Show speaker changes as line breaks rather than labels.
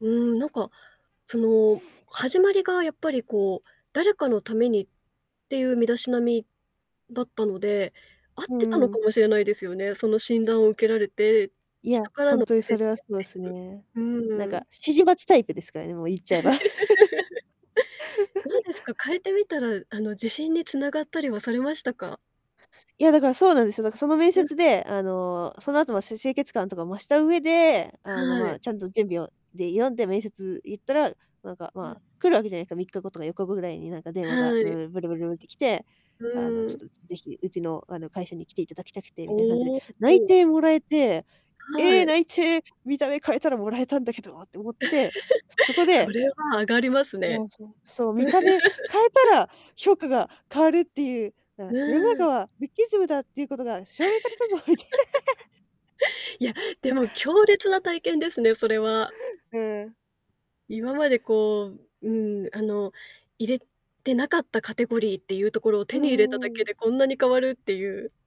うーん、なんかその、始まりがやっぱりこう、誰かのためにっていう身だしなみだったので、合っ
う
てたの
んう
か
ん。
もしれないですよね。その診断を受けられて、
いや、
人から
ほん
の [unintelligible] っ
とにそれはそう
てい
す
う。
ね。なん
う
か
ん。
指示待ちタイプですからね、もう言っ
どう
ちゃえば。
です か？変えてみたらあの、自信に繋がったりはされましたか？
いや、だからそうなんですよ、だ、その面
うん。
接であの、その後のせ清潔感とかを増した上で、あの
は
ま
い。
あ、ちゃんと準備をで呼んで面接行ったら、なんか
うん。
まあ、来るわけじゃないか、3日後とか4日後ぐらいになんか電話が
は
ブ
い。
ー、ブルブルブルって来て
う
「あのちょ
ん。
っと是非うちの、あの会社に来て頂きたくて」みたいな感じで、
おお
内
おお。
定もらえて、
は
ええ
い。
内定、見た目変えたら貰えたんだけどって思って、そこ で
それは上がります
う
ね。
ん、そう-そう、見た目変えた ら評価が変わるっていう。
う
な世の中
ん。
はルッキズムだっていうことが証明されたぞみたいな。
いや、でも強烈な体験ですね、それは。
うん。
今までこう、うん、あの入れてなかったカテゴリーっていうところを
う
手
ん
に入れた
う
だ
んう
け
ん。
でこんなに変わるっていう。